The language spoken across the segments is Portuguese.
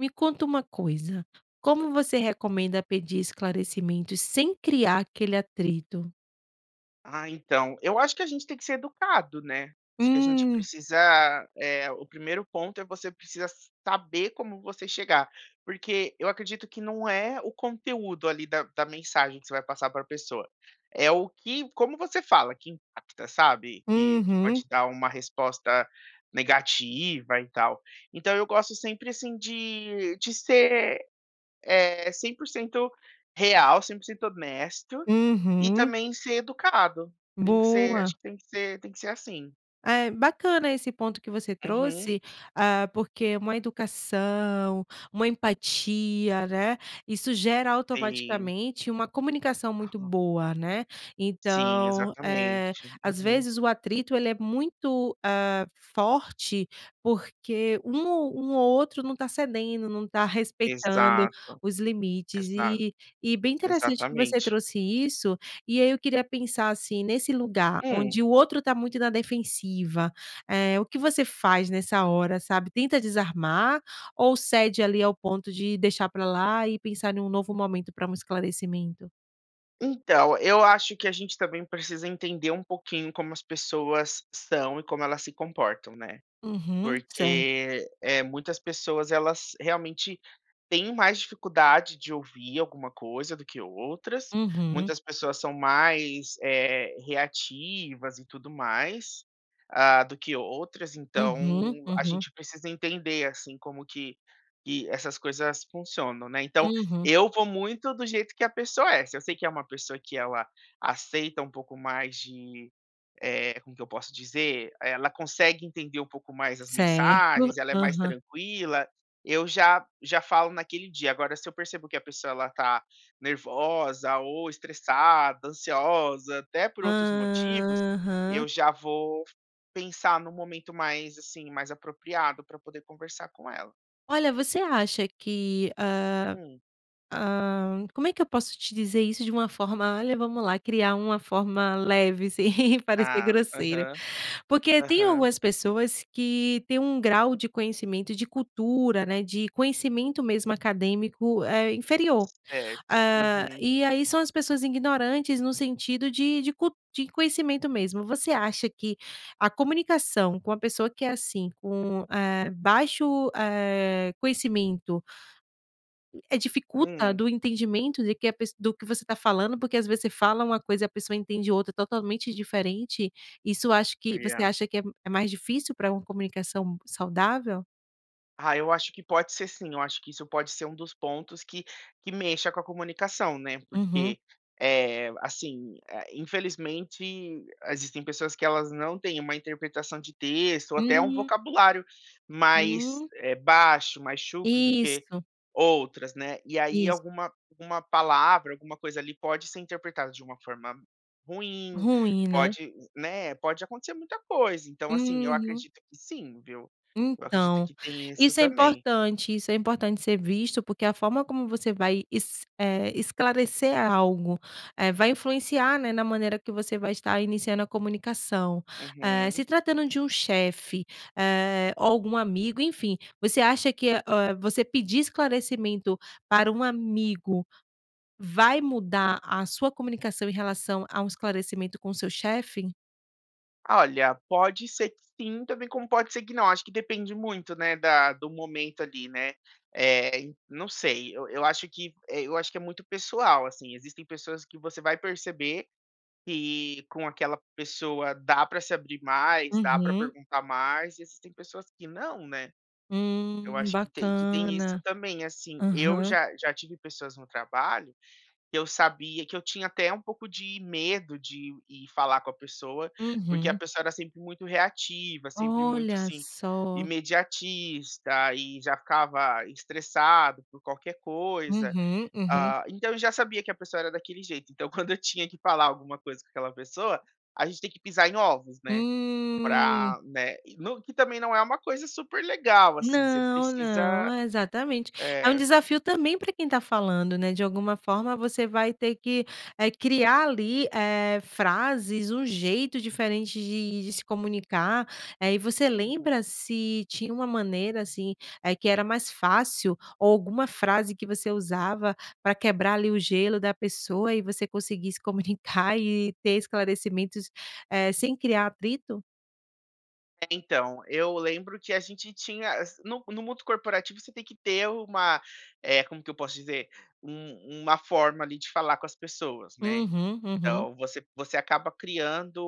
Me conta uma coisa, como você recomenda pedir esclarecimentos sem criar aquele atrito? Ah, então, eu acho que a gente tem que ser educado, né? Acho que a gente Hum. precisa, eh, o primeiro ponto é você precisar saber como você chegar, porque eu acredito que não é o conteúdo ali da da mensagem que você vai passar pra pessoa. É o que, como você fala que impacta, sabe? Que que Uhum. pode dar uma resposta negativa e tal. Então eu gosto sempre assim de de ser, eh, 100% real, 100% honesto e Uhum. também ser educado. Tem que ser, Boa. acho que tem que ser tem que ser assim. É, bacana esse ponto que você Uhum. trouxe, hã, porque uma educação, uma empatia, né, isso gera Sim. automaticamente uma comunicação muito Aham. boa, né? Sim, Então, eh, exatamente. às Uhum. vezes o atrito ele é muito, hã, forte porque um ou um ou outro não tá cedendo, não tá respeitando Exato. os limites. Exato. E e bem interessante que você Exatamente. trouxe isso. E aí eu queria pensar assim, nesse lugar Hum. onde o outro tá muito na defensiva, eh, o que você faz nessa hora sabe, tenta desarmar ou cede ali ao ponto de deixar pra lá e pensar em um novo momento pra um esclarecimento? Então, eu acho que a gente também precisa entender um pouquinho como as pessoas são e como elas se comportam, né? Uhum. Cer Porque, eh, muitas pessoas elas realmente têm mais dificuldade de ouvir alguma coisa do que outras, Uhum. muitas pessoas são mais, eh, reativas e tudo mais, hã, do que outras. Então Uhum. a Uhum. gente precisa entender assim como que que essas coisas funcionam, né? Então, Uhum. eu vou muito do jeito que a pessoa é. Se eu sei que é uma pessoa que ela aceita um pouco mais de, eh, como que eu posso dizer, ela consegue entender um pouco mais as Certo. mensagens, ela é mais Aham. tranquila. Eu já já falo naquele dia. Agora se eu percebo que a pessoa ela tá nervosa ou estressada, ansiosa, até por outros motivos, Aham. eu já vou pensar num momento mais, assim, mais apropriado pra poder conversar com ela. Olha, você acha que, hã Hum. hã, como é que eu posso te dizer isso de uma forma, olha, vamos lá criar uma forma leve, sem parecer Ah. grosseira. Aham, Porque tem aham. algumas pessoas que têm um grau de conhecimento de cultura, né, de conhecimento mesmo acadêmico, eh, inferior. Certo. Hã, Uhum. e aí são as pessoas ignorantes, no sentido de de cu de conhecimento mesmo. Você acha que a comunicação com uma pessoa que é assim, com, eh, baixo, eh, conhecimento eh, dificulta Hum. do entendimento de que a pesso do que você tá falando. Porque às vezes você fala uma coisa e a pessoa entende outra totalmente diferente. Isso acho que E você a acha que é é mais difícil pra uma comunicação saudável? Ah, eu acho que pode ser sim, eu acho que isso pode ser um dos pontos que que mexa com a comunicação, né? Uhum. Porque, eh, assim, é infelizmente existem pessoas que elas não tem uma interpretação de texto ou até um Hum. vocabulário mais, Hum. eh, baixo, mais chucro do que Isso. outras, né? E aí Isso. alguma alguma palavra, alguma coisa ali pode ser interpretada de uma forma ruim, Ruim, né? pode né? Pode acontecer muita coisa, então, assim, eu Uhum. acredito que sim, viu? Eu acredito Então, que tem isso isso é também. importante. Isso é importante ser visto porque a forma como você vai es eh, esclarecer algo, eh, vai influenciar, né, na maneira que você vai estar iniciando a comunicação. Eh, Uhum. se tratando de um chefe, eh, ou algum amigo, enfim, você acha que, eh, você pedir esclarecimento para um amigo vai mudar a sua comunicação em relação a um esclarecimento com o seu chefe? Olha, pode ser que sim, também como pode ser que não. Acho que depende muito né da do momento ali, né? Eh, en não sei, eu eu acho que eu acho que é muito pessoal, assim, existem pessoas que você vai perceber que com aquela pessoa dá pra se abrir mais, dá pra Uhum. perguntar mais, e existem pessoas que não, né? Eu Hum, acho que tem que tem isso bacana. também, assim. Eu Aham. já já tive pessoas no trabalho, que eu sabia que eu tinha até um pouco de medo de ir falar com a pessoa, porque a Uhum. pessoa era sempre muito reativa, sempre muito, Olha assim, só! imediatista e já ficava estressado por qualquer coisa. Uhum, uhum. Hã, então eu já sabia que a pessoa era daquele jeito, então quando eu tinha que falar alguma coisa com aquela pessoa, a gente tem que pisar em ovos, né? Hum. Pra, né, no que também não é uma coisa super legal assim, você Não, não, precisa, é exatamente. É um eh desafio também para quem tá falando, né? De alguma forma, você vai ter que, eh, criar ali, eh, frases, um jeito diferente de de se comunicar. Eh, e você Uhum. lembra se tinha uma maneira assim, eh que era mais fácil ou alguma frase que você usava pra quebrar ali o gelo da pessoa e você conseguir se comunicar e ter esclarecimentos, eh, sem criar atrito? É, então, eu lembro que a gente tinha assi no no mundo corporativo você tem que ter uma, eh, como que eu posso dizer, um uma forma ali de falar com as pessoas, né. Uhum uhum. Então você você acaba criando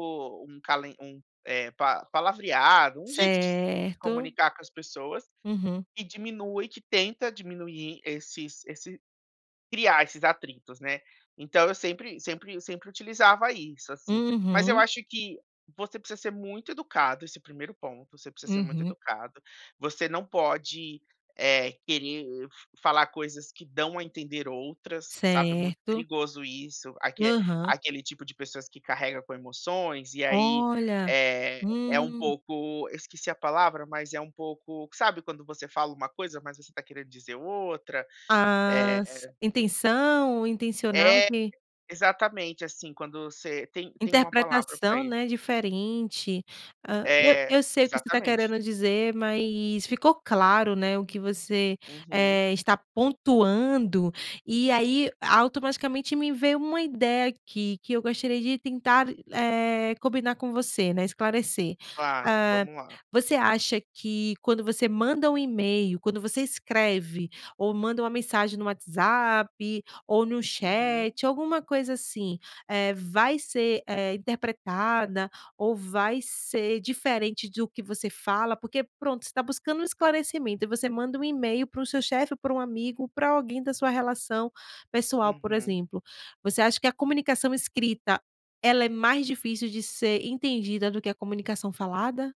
um calen um eh, pa palavreado, um jeito de se Certo. comunicar com as pessoas, Uhum. e diminui que tenta diminuir esses esse criar esses atritos, né. Então eu sempre sempre eu sempre utilizava isso, assim. Mas eu Uhum. acho que você precisa ser muito educado, esse primeiro ponto, você precisa ser muito Uhum. educado, você não pode, eh, querer falar coisas que dão a entender outras, sabe. Muito Certo. perigoso isso, aque Aham. aquele tipo de pessoas que carrega com emoções e aí, Olha, eh, é um uhum. pouco, eu esqueci a palavra, mas é um pouco, sabe quando você fala uma coisa mas você está querendo dizer outra, A s eh intenção intencional É, que exatamente, assim, quando você tem tem uma palavra pra Interpretação, ele. né, diferente, hã. E É, eu sei o que você tá exatamente. querendo dizer, mais ficou claro, né, o que você, Uhum. eh, está pontuando e aí automaticamente me veio uma ideia aqui que eu gostaria de tentar, eh, combinar com você, né, esclarecer, Claro, hã vamos lá. Você acha que quando você manda um email, quando você escreve ou manda uma mensagem no WhatsApp, ou no Uhum. chat alguma coisa, assim, eh, vai ser, eh, interpretada ou vai ser diferente do que você fala? Porque, pronto, você tá buscando um esclarecimento e você manda um email para o seu chefe, para o amigo, ou pra alguém da sua relação pessoal por Uhum. exemplo. Você acha que a comunicação escrita ela é mais difícil de ser entendida do que a comunicação falada?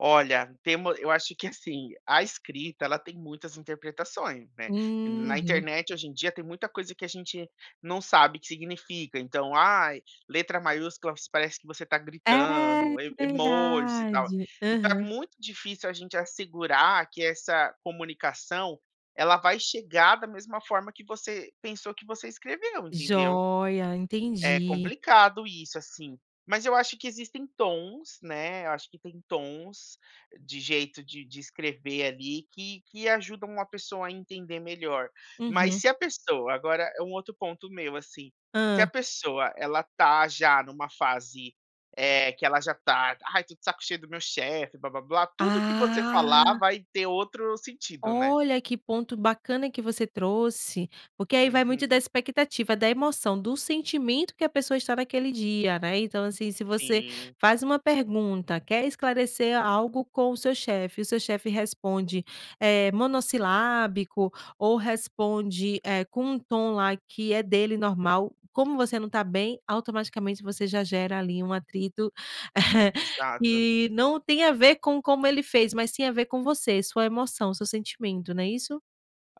Olha, temos eu acho que assim, a escrita ela tem muitas interpretações, né. Na Uhum. internet hoje em dia tem muita coisa que a gente não sabe que significa então: "Ai, letra maiúscula parece que você está É gritando, e emojis e tal." verdade, E tá uhum. muito difícil a gente assegurar que essa comunicação ela vai chegar da mesma forma que você pensou que você escreveu, entendeu. Joia, É entendi. complicado isso assim. Mas eu acho que existem tons, né, eu acho que tem tons de jeito de de escrever ali que que ajudam a pessoa a entender melhor. Mas Uhum. se a pessoa agora é um outro ponto meu, assim. Se a Hã? pessoa ela tá já numa fase, eh, que ela já tá: "Ai, tô de saco cheio do meu chefe, blá blá blá." Tudo que você falar Ah. vai ter outro sentido, né. Olha que ponto bacana que você trouxe, porque aí vai muito da Uhum. expectativa, da emoção, do sentimento que a pessoa está naquele dia. Né. Então assim, se você Sim. faz uma pergunta, quer esclarecer algo com o seu chefe, o seu chefe responde, eh, monossilábico ou responde, eh, com tom lá que é dele normal, como você não tá bem, automaticamente você já gera ali um atrito, Exato. que não tem a ver com como ele fez mas tem a ver com você, sua emoção, seu sentimento, não é isso?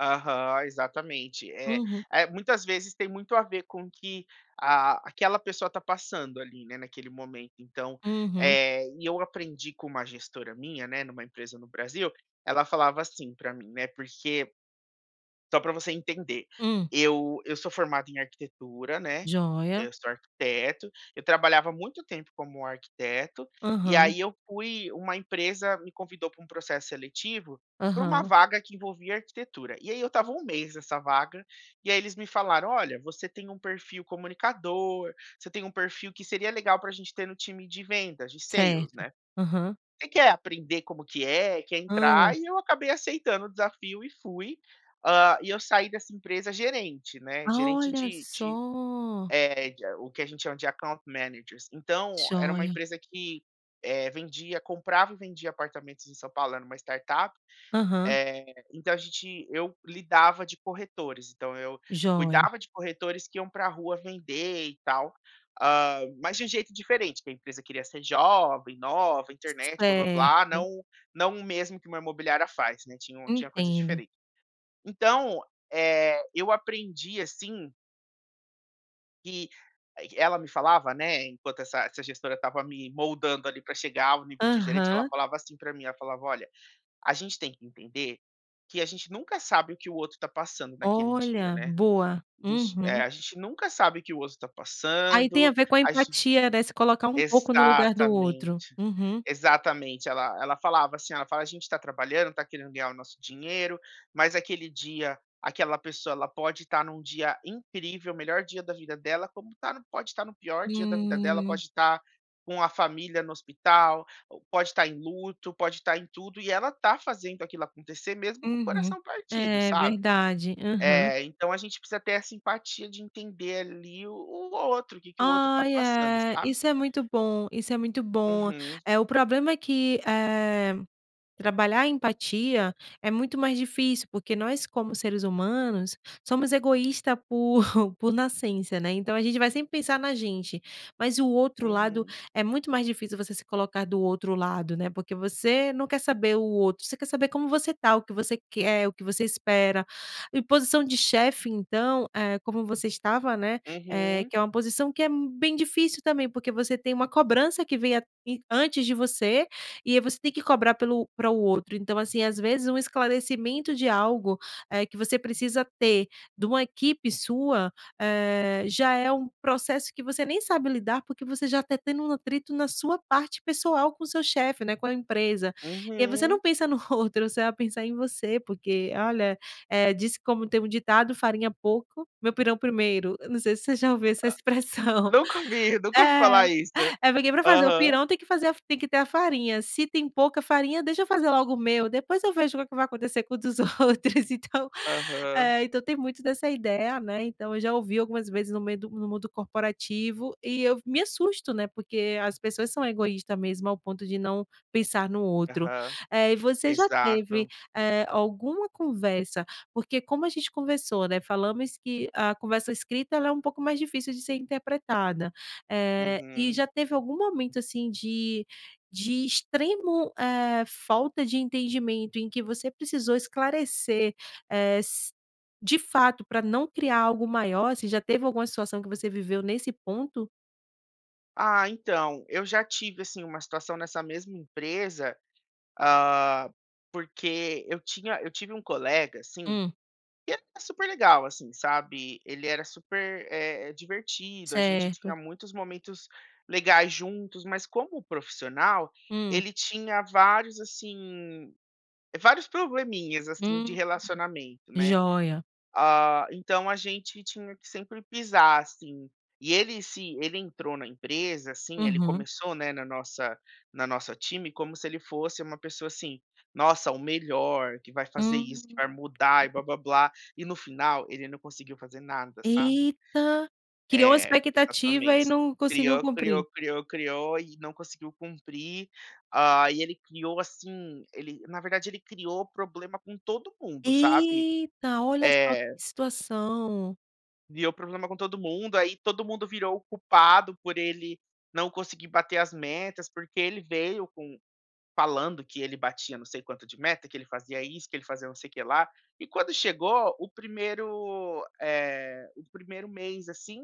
Aham, exatamente. Eh Uhum. eh, muitas vezes tem muito a ver com o que, ah, aquela pessoa tá passando ali, né, naquele momento. Então, Uhum. eh, e eu aprendi com uma gestora minha, né, numa empresa no Brasil ela falava assim pra mim, né, porque só pra você entender, Hum. eu eu sou formado em arquitetura, né, Jóia. eu sou arquiteto, eu trabalhava há muito tempo como arquiteto, e Aham. aí eu fui uma empresa me convidou pra um processo seletivo pra uma Aham. vaga que envolvia arquitetura. E aí eu estava um mês nessa vaga, e aí eles me falaram: "Olha, você tem um perfil comunicador, você tem um perfil que seria legal pra a gente ter no time de vendas de sales, Certo, né? aham. Você quer aprender como que é, e quer Hã. entrar?" E eu acabei aceitando o desafio e fui, ah, e eu saí dessa empresa gerente, né, gerente Olha de de, só! eh, de a o que a gente chama de Account Managers. Então, era uma Jóia! empresa que, eh, vendia comprava e vendia apartamentos em São Paulo, era uma startup. Aham. Eh, então a gente eu lidava de corretores, então eu Jóia. cuidava de corretores que iam pra rua vender e tal, hum, mas de um jeito diferente, que a empresa queria ser jovem, nova, C c internet, blá-blá-blá, certo. não não o mesmo que uma imobiliária faz, né, tinham tinha coisas Entendo. diferent então, eh, eu aprendi assim que, eh, q ela me falava, né enquanto essa essa gestora estava me moldando ali pra chegar ao nível de gerente, ela Aham. falava assim pra mim, ela falava: "Olha, a gente tem que entender que a gente nunca sabe o que o outro tá passando naquele dia, Olha, né? boa! A gente, eh, Uhum. a gente nunca sabe o que outro tá Aí tem a passando, ver com a a ge". empatia, né, se colocar um pouco no lugar do outro. Exatamente, Uhum. exatamente. Ela ela falava assim, ela fala: "A gente tá trabalhando, tá querendo ganhar o nosso dinheiro, mas aquele dia, aquela pessoa, ela pode tá num dia incrível, o melhor dia da vida dela, como tá pode tá no pior dia da vida dela, Hum. pode tá com a família no hospital, ou pode tá em luto, pode tá em tudo e ela tá fazendo aquilo acontecer mesmo com o Uhum. coração partido, É, sabe?". verdade. Aham. É, então a gente precisa ter essa empatia de entender ali o o outro, que que o outro tá Ai, passando, é, sabe? isso é muito bom, isso é muito bom! Uhum. Eh, o problema é que, eh, trabalhar empatia é muito mais difícil, porque nós, como seres humanos, somos egoísta por por nascença, né, então a gente vai sempre pensar na gente, mas o outro lado Uhum. é muito mais difícil, você se colocar do outro lado, né, porque você não quer saber o outro, você quer saber como você tá, o que você quer, o que você espera. E posição de chefe então, eh, como você estava, né, eh, Uhum. que é uma posição que é m bem difícil também, porque você tem uma cobrança que venha i antes de você e você tem que cobrar pelo pra o outro. Então, assim, às vezes um esclarecimento de algo, eh, que você precisa ter de uma equipe sua, eh, já é um processo que você nem sabe lidar, porque você já tá tendo um atrito na sua parte pessoal com seu chefe, né, com a empresa. E aí você Uhum. não pensa no outro, você vai pensar em você, porque, olha, eh, disse como tem um ditado: "Farinha pouco, meu pirão primeiro", eu não sei se você já ouviu essa expressão. Nunca ouvi, nunca ouvi É, falar isso. é porque pra fazer o Aham. pirão tem que fazer a fa tem que ter a farinha, se tem pouca farinha: "Deixa eu fazer logo o meu, depois eu vejo o que que vai acontecer com o dos outros". Então, Aham. eh, então tem muito dessa ideia, né, então, eu já ouvi algumas vezes no meio do no mundo corporativo e eu v me assusto, né, porque as pessoas são egoísta mesmo, ao ponto de não pensar no outro. Aham. Eh, e você já teve, Exato. eh, alguma conversa porque como a gente conversou, né, falamos que a conversa escrita ela é um pouco mais difícil de ser interpretada. Eh, e Uhum. já teve algum momento, assim, de de extremo, eh, falta de entendimento em que você precisou esclarecer, eh, s de fato, pra não criar algo maior, você já teve alguma situação que você viveu nesse ponto? Ah, então, eu já tive, assim, uma situação nessa mesma empresa, ah, porque eu tinha eu tive um colega, assim, Hum. que era super legal, assim, sabe? Ele era super, eh, divertido, a gente Certo. tinha muitos momentos legais juntos, mas como profissional, Hum. ele tinha vários, assim, vários probleminhas, assim, de Hum. relacionamento, né? Jóia! Ah, então a gente tinha que sempre pisar, assim, e ele se ele entrou na empresa, assim ele Uhum. começou, né, na nossa no nosso time como se ele fosse uma pessoa, assim: "Nossa, o melhor! Que vai fazer isso, que Hum. vai mudar e blá-blá-blá" e no final ele não conseguiu fazer nada, sabe? Eita! Criou a É, expectativa e exatamente, não conseguiu criou, criou, cumprir. criou, criou e não conseguiu cumprir. Hã, aí, ele criou, assim ele, na verdade, ele criou problema com todo mundo, sabe? Eita! Olha só É. que situação! Criou problema com todo mundo, aí todo mundo virou o culpado por ele não conseguir bater as metas. Porque ele veio com falando que "ele batia não sei quanto de meta, que ele fazia isso, que ele fazia não sei o que lá", e quando chegou o primeiro, eh, o primeiro mês, assim,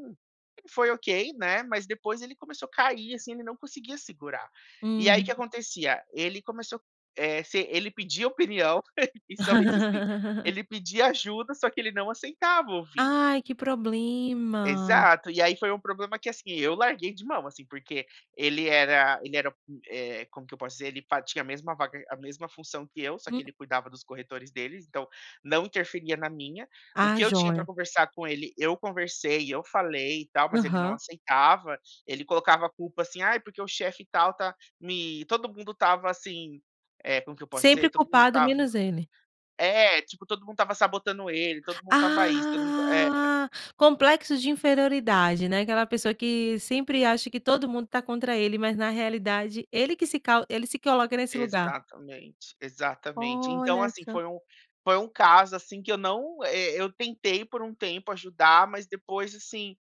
foi okay, né? Mas depois ele começou cair, assim, ele não conseguia segurar. E aí, o que Uhum. acontecia? Ele começou, eh, se ele pedia opinião e somente assim ele pedia ajuda, só que ele não aceitava ouvir. Ai, que problema! Exato! E, aí, foi um problema que, assim, eu larguei de mão, assim, porque ele era ele era, hum, eh, como que eu posso dizer? Ele fa tinha a mesma vaga a mesma função que eu, só que Hum. ele cuidava dos corretores deles, então não interferia na minha. O Ah, que eu tinha pra jóia. conversar com ele, eu conversei e eu falei e tal, mas ele não Aham. aceitava. Ele colocava a culpa, assim: "Ai, porque o chefe tal tá me", todo mundo estava assim, eh, como que eu posso dizer? Sempre Todo mundo culpado, estava menos ele. é, tipo, todo mundo estava sabotando ele, todo mundo estava isso, todo mundo t é. Ah, complexo de inferioridade, né? Aquela pessoa que sempre acha que todo mundo tá contra ele, mas, na realidade, ele que se cau ele se coloca nesse lugar. Exatamente, exatamente. Então, Olha assim, só. foi um foi um caso, assim, que eu não, eh, eu tentei por um tempo ajudar, mas depois, assim,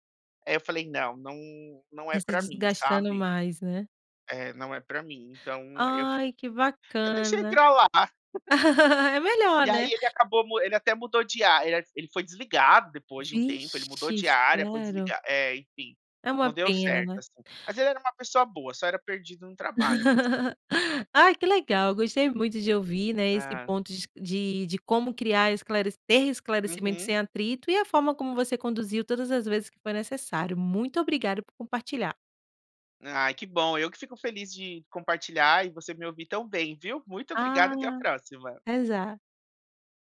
eh, eu falei: "Não, não, não Né, é se pra mim, desgastando sabe? mais, né? É, não é pra mim. Então eu fa Ai, que eu deixei bacana. pra lá! É melhor, E, aí, né? ele acabou mu ele até mudou de a eh, ele foi desligado depois de um tempo, ele mudou Vixe, de área, foi sério? desliga é, enfim, É uma não deu pena, certo, né? assim. Mas ele era uma pessoa boa, só era perdido no trabalho mesmo. Ai, que legal, gostei muito de ouvir, né, esse Hã. ponto dis de de como criar esclare ter esclarecimento Uhum. sem atrito, e a forma como você conduziu todas as vezes que foi necessário. Muito obrigado por compartilhar. Ai, que bom, eu que fico feliz de compartilhar e você me ouvir tão bem, viu? Muito obrigado, Ah, até a próxima! até já!